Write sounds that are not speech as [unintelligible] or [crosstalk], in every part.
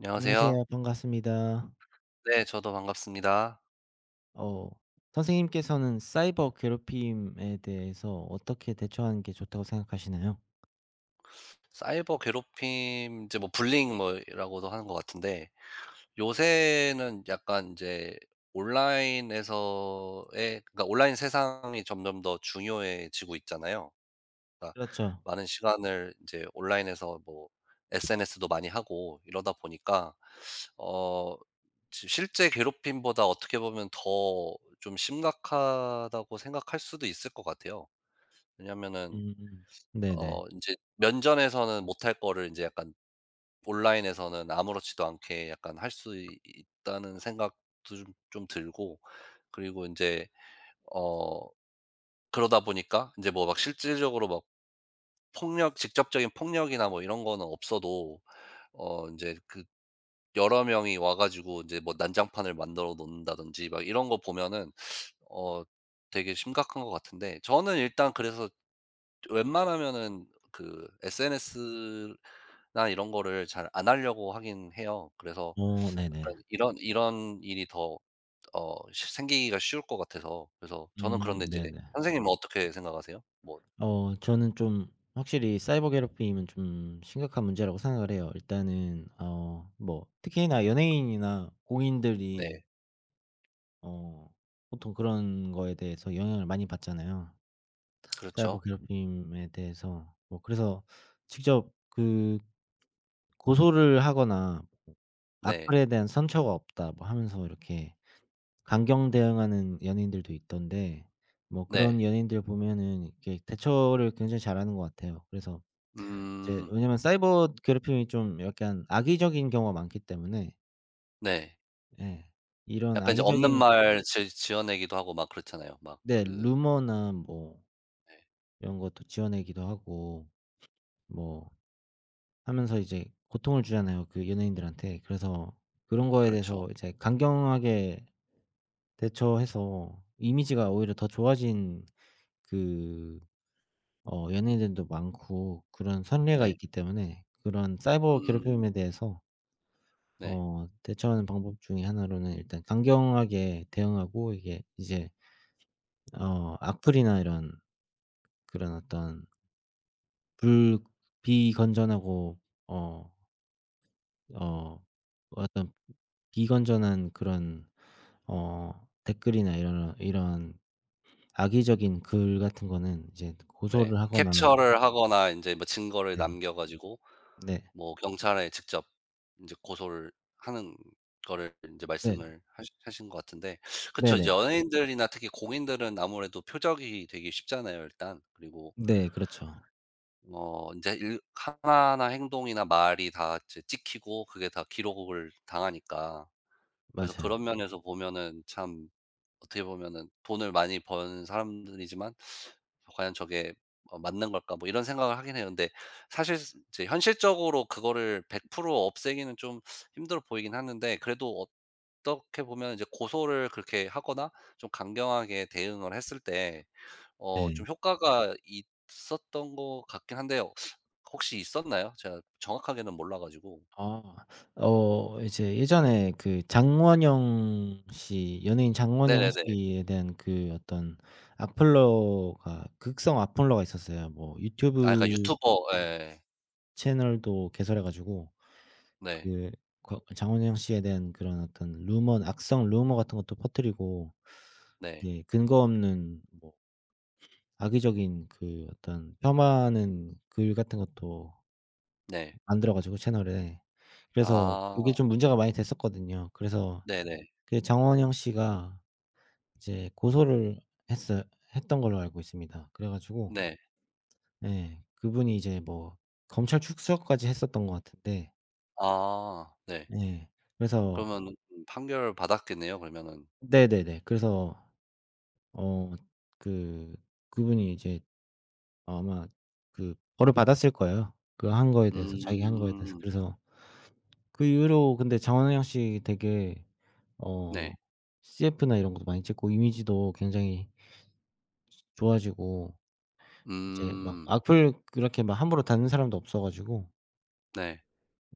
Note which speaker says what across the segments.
Speaker 1: 안녕하세요.
Speaker 2: 안녕하세요. 반갑습니다.
Speaker 1: 네. 저도 반갑습니다.
Speaker 2: 어. 선생님께서는 사이버 괴롭힘에 대해서 어떻게 대처하는 게 좋다고 생각하시나요?
Speaker 1: [sucks teeth] 사이버 괴롭힘 인제 뭐 불링 뭐 이라고도 하는 것 같은데 요새는 약간 인제 온라인에서의 그니까 온라인 세상이 점점 더 중요해지고 있잖아요. 그러니까
Speaker 2: 그렇죠.
Speaker 1: 많은 시간을 인제 온라인에서 뭐 SNS도 많이 하고 이러다 보니까 [sucks teeth] 어 시 실제 괴롭힘보다 어떻게 보면 더 좀 심각하다고 생각할 수도 있을 것 같아요. 왜냐하면은
Speaker 2: 음. 네네.
Speaker 1: 어 인제 면전에서는 못할 거를 인제 약간 온라인에서는 아무렇지도 않게 약간 할 수 있 있다는 생각도 좀 좀 들고 그리고 인제 어 그러다 보니까 인제 뭐 막 실질적으로 막 폭력 직접적인 폭력이나 뭐 이런 거는 없어도 어 인제 그 여러 명이 와 가지고 이제 뭐 난장판을 만들어 놓는다든지 막 이런 거 보면은 [sucks teeth] 어 되게 심각한 것 같은데 저는 일단 그래서 웬만하면은 그 SNS나 이런 거를 잘 안 하려고 하기는 해요. 그래서
Speaker 2: 어.
Speaker 1: 약간
Speaker 2: 네네.
Speaker 1: 이런 이런 일이 더 어 시 생기기가 쉬울 것 같아서. 그래서 저는
Speaker 2: 음.
Speaker 1: 그런데 이제
Speaker 2: 네네.
Speaker 1: 선생님은 어떻게 생각하세요? 뭐
Speaker 2: 어. 저는 좀 확실히 사이버 괴롭힘은 좀 심각한 문제라고 생각을 해요. 일단은 어 뭐 특히나 연예인이나 공인들이
Speaker 1: 네.
Speaker 2: 어 보통 그런 거에 대해서 영향을 많이 받잖아요, 사이버
Speaker 1: 그렇죠.
Speaker 2: 괴롭힘에 대해서. 뭐 그래서 직접 그 고소를 하거나
Speaker 1: 네.
Speaker 2: "악플에 대한 선처가 없다." 뭐 하면서 이렇게 강경 대응하는 연예인들도 있던데 뭐
Speaker 1: 네.
Speaker 2: 그런 연예인들을 보면은 이렇게 대처를 굉장히 잘 하는 것 같아요. 그래서 이제
Speaker 1: 음.
Speaker 2: 왜냐하면 사이버 괴롭힘이 좀 약간 악의적인 경우가 많기 때문에
Speaker 1: 네.
Speaker 2: 예. 이런
Speaker 1: 약간 이제 없는
Speaker 2: 악의적인
Speaker 1: 말 지 지어내기도 하고 막 그렇잖아요. 막
Speaker 2: 네
Speaker 1: 그
Speaker 2: 루머나 뭐
Speaker 1: 네.
Speaker 2: 이런 것도 지어내기도 하고 뭐 하면서 이제 고통을 주잖아요, 그 연예인들한테. 그래서 그런 거에
Speaker 1: 그렇죠.
Speaker 2: 대해서 이제 강경하게 대처해서 이미지가 오히려 더 좋아진 그 어 연예인들도 많고 그런 선례가
Speaker 1: 네.
Speaker 2: 있기 때문에 그런 사이버
Speaker 1: 음.
Speaker 2: 괴롭힘에 대해서
Speaker 1: 네.
Speaker 2: 어 대처하는 방법 중에 1 로는 일단 강경하게 대응하고 이게 이제 어 악플이나 이런 그런 어떤 불 비건전하고 어 어 어떤 비건전한 그런 어 댓글이나 이러러 이런 악의적인 글 같은 거는 이제
Speaker 1: 네.
Speaker 2: 고소를 하거나
Speaker 1: 캡처를 하거나 인제 뭐 증거를
Speaker 2: 예
Speaker 1: 남겨 가지고
Speaker 2: 네.
Speaker 1: 뭐 경찰에 직접 인제 고소를 하는 거를 인제
Speaker 2: 네.
Speaker 1: 말씀을 하신 하신 것 같은데. [sucks teeth] 그쵸. 이제
Speaker 2: 네네.
Speaker 1: 연예인들이나 특히 공인들은 아무래도 표적이 되기 쉽잖아요 일단. 그리고
Speaker 2: 네. 그렇죠.
Speaker 1: 어 인제 일 하나하나 행동이나 말이 다 찌 찍히고 그게 다 기록을 당하니까. 그래서 그런
Speaker 2: 맞아요.
Speaker 1: 면에서 보면은 참 어떻게 보면은 돈을 많이 번 사람들이지만 [sucks teeth] '과연 저게 어 맞는 걸까?' 뭐 이런 생각을 하긴 해요. 근데 사실 스 인제 현실적으로 그거를 100% 없애기는 좀 [sucks teeth] 힘들어 보이기는 하는데 그래도 어떻게 보면 인제 고소를 그렇게 하거나 좀 강경하게 대응을 했을 때 어 좀
Speaker 2: 예.
Speaker 1: 효과가 있었던 것 같긴 한데요. [sucks teeth] 혹시 있었나요? 제가 정확하게는 몰라 가지고.
Speaker 2: 아. 어 이제 예전에 그 장원영 씨 연예인 장원영
Speaker 1: 네네네.
Speaker 2: 씨에 대한 그 어떤 악플러가 극성 악플러가 있었어요. 뭐
Speaker 1: 아 그러니까
Speaker 2: 유튜브
Speaker 1: 유튜버 예.
Speaker 2: 채널도 개설해 가지고
Speaker 1: 네.
Speaker 2: 그 거 장원영 씨에 대한 그런 어떤 루먼 악성 루머 같은 것도 퍼트리고
Speaker 1: 네.
Speaker 2: 이제 근거 없는 뭐 악의적인 그 어떤 폄하하는 글 같은 것도
Speaker 1: 네.
Speaker 2: 만들어 가지고 채널에. 그래서
Speaker 1: 아.
Speaker 2: 그게 좀 문제가 많이 됐었거든요. 그래서
Speaker 1: 네 네.
Speaker 2: 그 장원영 씨가 이제 고소를 했어 했던 걸로 알고 있습니다. 그래 가지고
Speaker 1: 네.
Speaker 2: 예 그분이 이제 뭐 검찰 출석 까지 했었던 것 같은데
Speaker 1: 아. 네.
Speaker 2: 예. 그래서
Speaker 1: 그러면은 판결을 받았겠네요, 그러면은.
Speaker 2: 네네네. 그래서 어 그 그분이 이제 아마 그 벌을 받았을 거예요, 그 한 거에 대해서 자기가 한 거에 대해서.
Speaker 1: 음.
Speaker 2: 그래서 그 이후로 근데 장원영 씨 되게 어
Speaker 1: 네.
Speaker 2: 뭐 CF나 이런 것도 많이 찍고 이미지도 굉장히 좋아지고 이제 막
Speaker 1: 음.
Speaker 2: 악플 그렇게 막 함부로 다는 사람도 없어 가지고
Speaker 1: 네.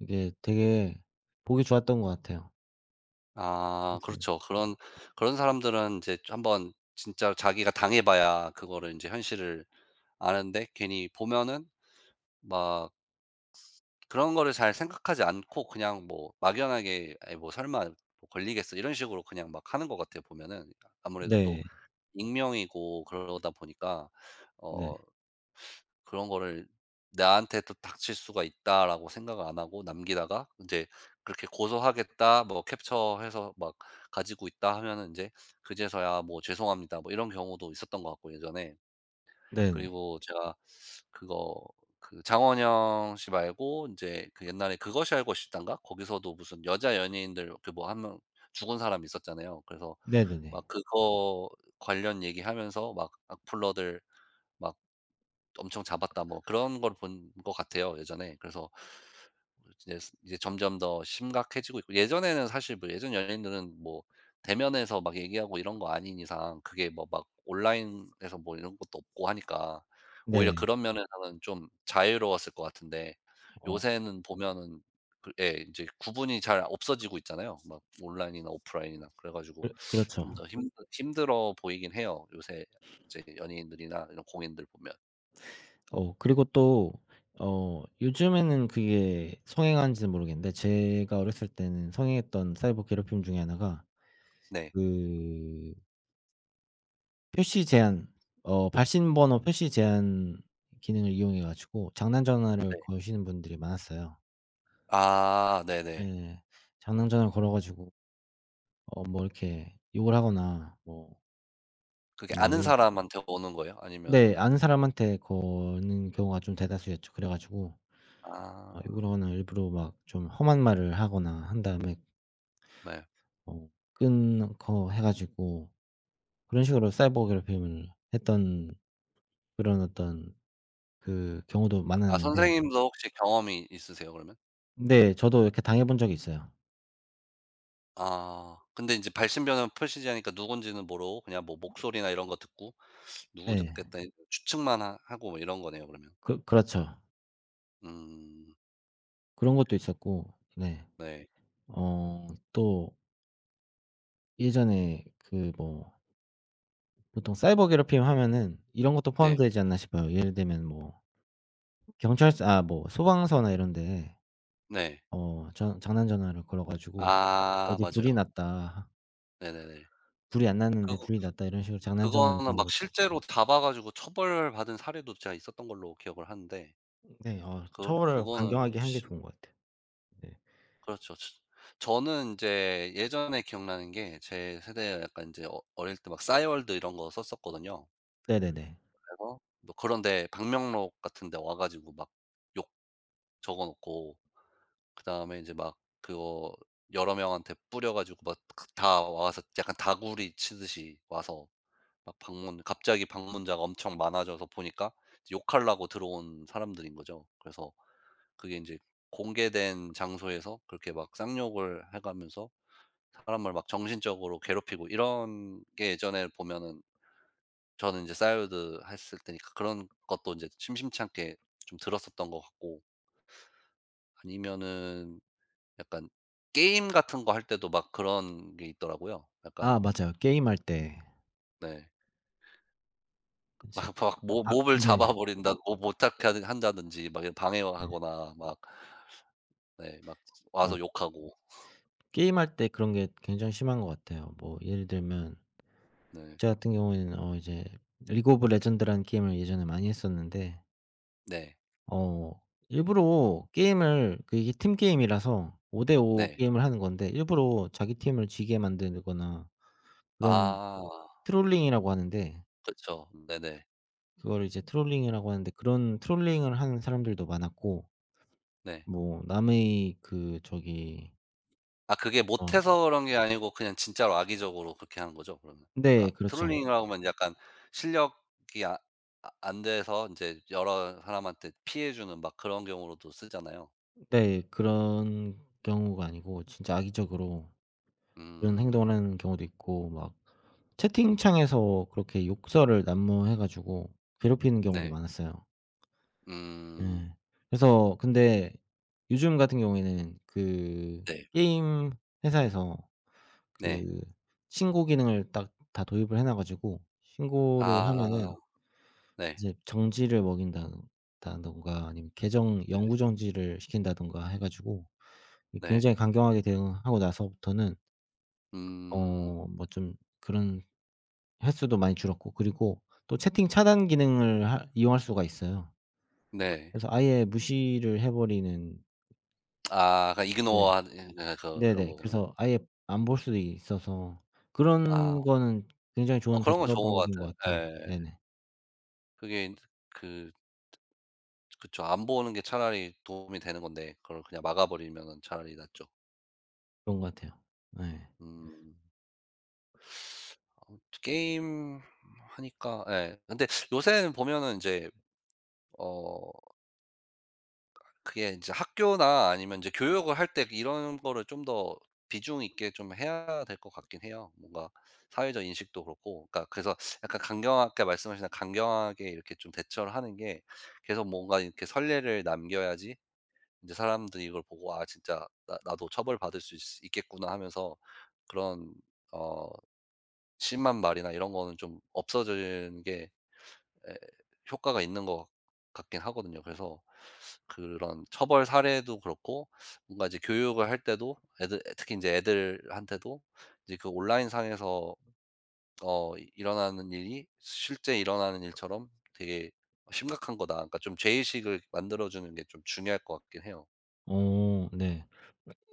Speaker 2: 이게 되게 보기 좋았던 것 같아요.
Speaker 1: 아. 그렇죠. 그런,
Speaker 2: [unintelligible]
Speaker 1: 그런 사람들은 인제 한번 진짜로 자기가 당해 봐야 그거를 인제 현실을 아는데 괜히 보면은 막 그런 거를 잘 생각하지 않고 그냥 뭐 막연하게 '에이 뭐 설마 걸리겠어?' 이런 식으로 그냥 막 하는 것 같아요, 보면은. 아무래도 또
Speaker 2: 네.
Speaker 1: 익명이고 그러다 보니까
Speaker 2: 네.
Speaker 1: 어 그런 거를 '나한테도 닥칠 수가 있다.'라고 생각을 안 하고 남기다가 인제 그렇게 "고소하겠다. 뭐 캡처해서 막 가지고 있다." 하면은 인제 그제서야 뭐 "죄송합니다." 뭐 이런 경우도 있었던 것 같고 예전에.
Speaker 2: 네네.
Speaker 1: 그리고 제가 그거 그 장원영 씨 말고 인제 그 옛날에 '그것이 알고 싶다'인가? 거기서도 무슨 여자 연예인들 이렇게 뭐 1 명 죽은 사람 있었잖아요. 그래서 막
Speaker 2: 네네네.
Speaker 1: 그거 관련 얘기하면서 막 "악플러들 막 엄청 잡았다." 뭐 그런 걸 본 것 같아요, 예전에. 그래서 [unintelligible] 이제 점점 더 심각해지고 있고 예전에는 사실 뭐 예전 연예인들은 뭐 대면해서 막 얘기하고 이런 거 아닌 이상 그게 뭐 막 온라인에서 뭐 이런 것도 없고 하니까 오히려
Speaker 2: 네.
Speaker 1: 그런 면에서는 좀 자유로웠을 것 같은데
Speaker 2: 어.
Speaker 1: 요새는 보면은 그 예 인제 구분이 잘 없어지고 있잖아요, 막 온라인이나 오프라인이나. 그래 가지고
Speaker 2: 그
Speaker 1: 좀
Speaker 2: 그렇죠.
Speaker 1: 더 힘드 힘들어 보이긴 해요. 요새 인제 연예인들이나 이런 공인들 보면.
Speaker 2: 어. 그리고 또 어 요즘에는 그게 성행하는지는 모르겠는데 제가 어렸을 때는 성행했던 사이버 괴롭힘 중에 1 가
Speaker 1: 네.
Speaker 2: 그 표시 제한 어 발신 번호 표시 제한 기능을 이용해 가지고 장난 전화를
Speaker 1: 네.
Speaker 2: 거시는 분들이 많았어요.
Speaker 1: 아. 네네.
Speaker 2: 예. 장난 전화를 걸어 가지고 어 뭐 이렇게 욕을 하거나 뭐
Speaker 1: 그게
Speaker 2: 뭐
Speaker 1: 아는
Speaker 2: 예를 들
Speaker 1: 사람한테 오는 거예요?
Speaker 2: 네.
Speaker 1: 아니면은
Speaker 2: 아는 사람한테 거는 경우가 좀 대다수였죠. 그래 가지고 막
Speaker 1: 아.
Speaker 2: 요런 아 일부러 막 좀 험한 말을 하거나 한 다음에
Speaker 1: 네.
Speaker 2: 어 끊고 해 가지고 그런 식으로 사이버 괴롭힘을 했던 그런 어떤 그 경우도
Speaker 1: 아.
Speaker 2: 많았는데
Speaker 1: 선생님도 혹시 경험이 있으세요 그러면?
Speaker 2: 네. 저도 이렇게 당해본 적이 있어요.
Speaker 1: 아. 근데 인제 발신 번호 표시 제한이니까 누군지는 모르고 그냥 뭐 목소리나 이런 거 듣고 '누구
Speaker 2: 예.
Speaker 1: 듣겠다.' [unintelligible] 추측만 하 하고 뭐 이런 거네요 그러면.
Speaker 2: 그렇 그렇죠.
Speaker 1: 음.
Speaker 2: 그런 것도 있었고 네.
Speaker 1: 네.
Speaker 2: 어 또 예전에 그 뭐 보통 사이버 괴롭힘 하면은 이런 것도
Speaker 1: 네.
Speaker 2: 포함되지 않나 싶어요. 예를 들면 뭐 경찰서 아 뭐 소방서나 이런 데
Speaker 1: 네.
Speaker 2: 어 전 장난전화를 걸어 가지고
Speaker 1: 아.
Speaker 2: "어디에 불이
Speaker 1: 맞아요.
Speaker 2: 났다."
Speaker 1: 네네네.
Speaker 2: 불이 안 났는데
Speaker 1: 그거
Speaker 2: "불이 났다." 이런 식으로 장난전화를
Speaker 1: 그거는
Speaker 2: 거는
Speaker 1: 막
Speaker 2: 것도
Speaker 1: 실제로 잡아 가지고 처벌받은 사례도 제가 있었던 걸로 기억을 하는데.
Speaker 2: 으 네. 어
Speaker 1: 그러
Speaker 2: 처벌을
Speaker 1: 그거는
Speaker 2: 강경하기 하는 게
Speaker 1: 심
Speaker 2: 좋은 것 같아요. 네.
Speaker 1: 그렇죠. 츠 저는 인제 예전에 기억나는 게 제 세대 약간 인제 어 어릴 때 막 싸이월드 이런 거 썼었거든요.
Speaker 2: 네네네.
Speaker 1: 그래서 뭐 그런 데 방명록 같은 데 와 가지고 막 욕 적어 놓고 그다음에 인제 막 그거 여러 명한테 뿌려 가지고 막 그 다 와서 약간 다구리 치듯이 와서 막 방문 갑자기 방문자가 엄청 많아져서 보니까 욕하려고 들어온 사람들인 거죠. 그래서 그게 인제 공개된 장소에서 그렇게 막 쌍욕을 해가면서 사람을 막 정신적으로 괴롭히고 이런 게 예전에는 보면은 저는 이제 싸이월드 했을 테니까 그런 것도 인제 심심찮게 좀 들었었던 것 같고. 아니면은 약간 게임 같은 거 할 때도 막 그런 게 있더라고요
Speaker 2: 아.
Speaker 1: 약간.
Speaker 2: 맞아요. 게임할 때.
Speaker 1: 네. 마
Speaker 2: 이제
Speaker 1: 막 모
Speaker 2: 아.
Speaker 1: 몹을
Speaker 2: 네.
Speaker 1: 잡아 버린다고 못 잡게 한다든지 막 이런 방해와
Speaker 2: 네.
Speaker 1: 하거나 막 네. 막
Speaker 2: 맞
Speaker 1: 와서 욕하고. [laughs]
Speaker 2: 게임할 때 그런 게 굉장히 심한 것 같아요. 뭐 예를 들면
Speaker 1: 네.
Speaker 2: 저 같은 경우에는 어 이제 리그 오브 레전드라는 게임을 예전에 많이 했었는데
Speaker 1: 네.
Speaker 2: 어. 일부러 게임을 그 이게 팀 게임이라서 5 대 5
Speaker 1: 네.
Speaker 2: 게임을 하는 건데 일부러 자기 팀을 지게 만들거나 그런
Speaker 1: 아.
Speaker 2: 트롤링이라고 하는데
Speaker 1: 그쵸. 네네.
Speaker 2: 그걸 이제 트롤링이라고 하는데 그런 트롤링을 하는 사람들도 많았고.
Speaker 1: 네.
Speaker 2: 뭐 남의 그 저기
Speaker 1: 아 그게
Speaker 2: 아.
Speaker 1: 못해서 그런 게 아니고 그냥 진짜로 악의적으로 그렇게 한 거죠, 그러면?
Speaker 2: 네.
Speaker 1: 그러니까
Speaker 2: 그렇죠.
Speaker 1: 트롤링이라고 하면 약간 실력이 아 아 안 돼서 인제 여러 사람한테 피해 주는 막 그런 경우로도 쓰잖아요.
Speaker 2: 으 네. 그런 경우가 아니고 진짜 악의적으로 이런 행동을
Speaker 1: 음.
Speaker 2: 하는 경우도 있고 막 채팅창에서 그렇게 욕설을 난무해 가지고 괴롭히는 경우도
Speaker 1: 네.
Speaker 2: 많았어요.
Speaker 1: 음.
Speaker 2: 예. 그래서 근데 요즘 같은 경우에는 그
Speaker 1: 네.
Speaker 2: 게임 회사에서
Speaker 1: 네.
Speaker 2: 그 신고 기능을 딱 다 도입을 해 놓아 가지고 신고를
Speaker 1: 아.
Speaker 2: 하면은
Speaker 1: 네.
Speaker 2: 이제 정지를 먹인다 다든가 아니면 계정
Speaker 1: 네.
Speaker 2: 영구 정지를 시킨다든가 해 가지고
Speaker 1: 네.
Speaker 2: 굉장히 이 강경하게 대응하고 나서부터는
Speaker 1: 음.
Speaker 2: 어 뭐 좀 그런 횟수도 많이 줄었고 그리고 또 채팅 차단 기능을 할 이용할 수가 있어요.
Speaker 1: 네.
Speaker 2: 그래서 아예 무시를 해 버리는
Speaker 1: 아. 그러니까
Speaker 2: 네.
Speaker 1: 이그노어 하는 예. 어 거 그런
Speaker 2: 네네.
Speaker 1: 거 보면.
Speaker 2: 그래서 아예 안 볼 수도 있어서
Speaker 1: 아.
Speaker 2: 그런 거는 굉장히
Speaker 1: 어
Speaker 2: 좋은
Speaker 1: 그런 거
Speaker 2: 대처
Speaker 1: 좋은 것
Speaker 2: 방법인 것
Speaker 1: 같아요.
Speaker 2: 같아요.
Speaker 1: 예예.
Speaker 2: 네네.
Speaker 1: 그게 인제 그 츠 그쵸. 안 보는 게 차라리 도움이 되는 건데 그걸 그냥 막아 버리면은 차라리 낫죠.
Speaker 2: 그런 것 같아요. 예.
Speaker 1: 음. [sucks teeth] 아무튼 게임 하니까 예 근데 요새는 보면은 인제 어 그게 인제 학교나 아니면 인제 교육을 할 때 이런 거를 좀 더 비중 있게 좀 해야 될 것 같긴 해요. 뭔가 사회적 인식도 그렇고 그니까 그래서 약간 강경하게 말씀하신다 강경하게 이렇게 좀 대처를 하는 게 계속 뭔가 이렇게 선례를 남겨야지 인제 사람들이 이걸 보고 '아 진짜 나 나도 처벌받을 수 있으 있겠구나.' 하면서 그런 어 심한 말이나 이런 거는 좀 없어지는 게 예 효과가 있는 것 같 같긴 하거든요. 그래서 그런 처벌 사례도 그렇고 뭔가 인제 교육을 할 때도 애들 특히 인제 애들한테도 인제 그 '온라인상에서 어 일어나는 일이 실제 일어나는 일처럼 되게 심각한 거다.' 그니까 좀 죄의식을 만들어주는 게 좀 중요할 것 같긴 해요.
Speaker 2: 오 네.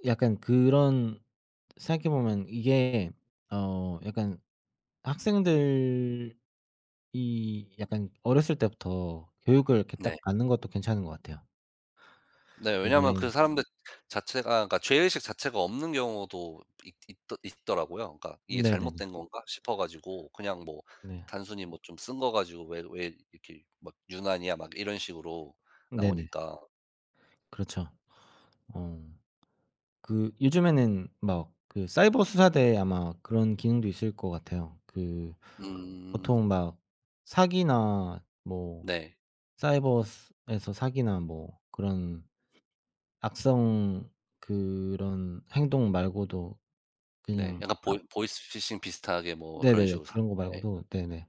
Speaker 2: 약 약간 그런 생각해 보면 이게 어 약간 학생들이 약간 어렸을 때부터 교육을 이렇게
Speaker 1: 네.
Speaker 2: 딱 받는 것도 괜찮은 것 같아요.
Speaker 1: 네 왜냐하면 그
Speaker 2: 이제
Speaker 1: 사람들 자체가 그러니까 죄의식 자체가 없는 경우도 있 있드 있더라고요. 그러니까 이게
Speaker 2: 네네네.
Speaker 1: 잘못된 건가 싶어 가지고 그냥
Speaker 2: 네.
Speaker 1: 뭐"단순히 뭐 좀 쓴 거 가지고 왜 왜 이렇게 막 유난이야?" 막 이런 식으로
Speaker 2: 네네.
Speaker 1: 나오니까
Speaker 2: 그렇죠. 오. 그 요즘에는 막 그 사이버수사대 아마 그런 기능도 있을 것 같아요. 그
Speaker 1: 음.
Speaker 2: 보통 막 사기나 뭐
Speaker 1: 네.
Speaker 2: 사이버스 에서 사기나 뭐 그런 악성 그런 행동 말고도
Speaker 1: 네
Speaker 2: 그냥
Speaker 1: 약간 보이
Speaker 2: 악
Speaker 1: 보이스 피싱 비슷하게 뭐 그런
Speaker 2: 네네네.
Speaker 1: 식으로 사
Speaker 2: 그런 거
Speaker 1: 네.
Speaker 2: 말고도 네네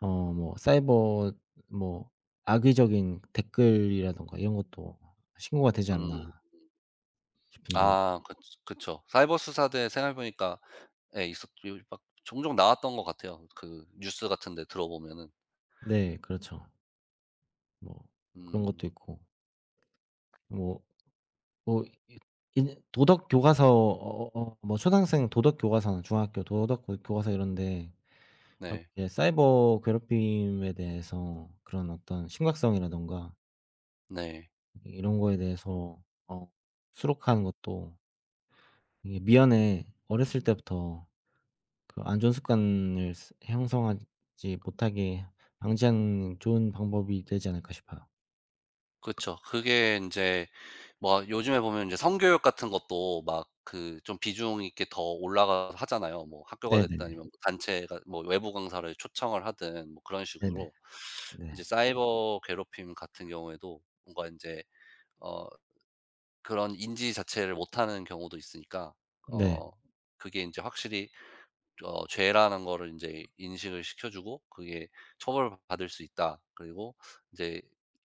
Speaker 2: 어 뭐 사이버 뭐 악의적인 댓글이라든가 이런 것도 신고가 되지
Speaker 1: 음음.
Speaker 2: 않나 싶은데.
Speaker 1: 아 그 그쵸. 사이버수사대 생각해 보니까 예 있었죠. 막 종종 나왔던 것 같아요. 그 뉴스 같은 데 들어보면은.
Speaker 2: 네 그렇죠. 뭐 그런
Speaker 1: 음.
Speaker 2: 것도 있고. 뭐 뭐 이 인제 도덕 교과서 어 어 뭐 초등학생 도덕 교과서나 중학교 도덕 교 교과서 이런 데
Speaker 1: 네.
Speaker 2: 이렇게 사이버 괴롭힘에 대해서 그런 어떤 심각성이라든가
Speaker 1: 네.
Speaker 2: 이 이런 거에 대해서 어 수록하는 것도 이게 미연에 어렸을 때부터 그 안 좋은 습관을 스 형성하지 못하게 방지하는 좋은 방법이 되지 않을까 싶어요.
Speaker 1: 그쵸. 그게 인제 막 요즘에 보면 이제 성교육 같은 것도 막 그 좀 비중 있게 더 올라가 하잖아요. 뭐 학교가 됐든
Speaker 2: 네네네.
Speaker 1: 아니면 단체가 뭐 외부 강사를 초청을 하든 뭐 그런
Speaker 2: 네네.
Speaker 1: 식으로 이제
Speaker 2: 네.
Speaker 1: 사이버 괴롭힘 같은 경우에도 뭔가 인제 어 그런 인지 자체를 못하는 경우도 있으니까
Speaker 2: 네.
Speaker 1: 어 그게 인제 확실히 좀 어 죄라는 거를 인제 인식을 시켜 주고 그게 '처벌받을 수 있다.' 그리고 인제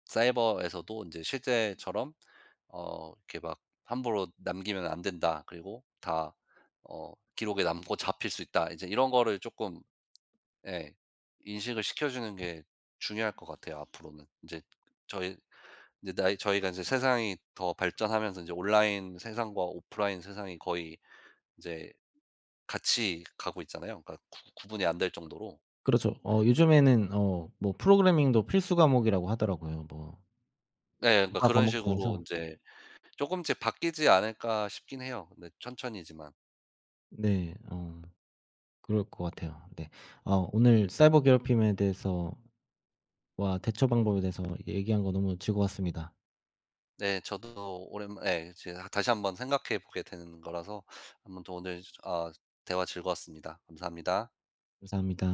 Speaker 1: '사이버에서도 인제 실제처럼 어 이렇게 막 함부로 남기면 안 된다.' 그리고 '다 어 기록에 남고 잡힐 수 있다.' 이제 이런 거를 쪼끔 예 인식을 시켜주는 게 중요할 것 같아요 앞으로는. 인제 저희 이제 나이 저희가 이제 세상이 더 발전하면서 이제 온라인 세상과 오프라인 세상이 거의 이제 같이 가고 있잖아요. 그니까 구 구분이 안 될 정도로.
Speaker 2: 그렇죠. 어 요즘에는 어 뭐 프로그래밍도 필수 과목이라고 하더라고요. 뭐
Speaker 1: 네, 그니까
Speaker 2: 교과
Speaker 1: 그런
Speaker 2: 과목
Speaker 1: 식으로
Speaker 2: 중에서
Speaker 1: 인제 쪼금씩 바뀌지 않을까 싶긴 해요 근데 천천히지만.
Speaker 2: 네. 어 그럴 것 같아요. 네. 아 오늘 사이버 괴롭힘에 대해서 와 대처 방법에 대해서 얘기한 거 너무 즐거웠습니다.
Speaker 1: 네, 저도 오랜만 예 제가 다시 한번 생각해 보게 되는 거라서 아무튼 오늘 어 대화 즐거웠습니다. 감사합니다.
Speaker 2: 감사합니다.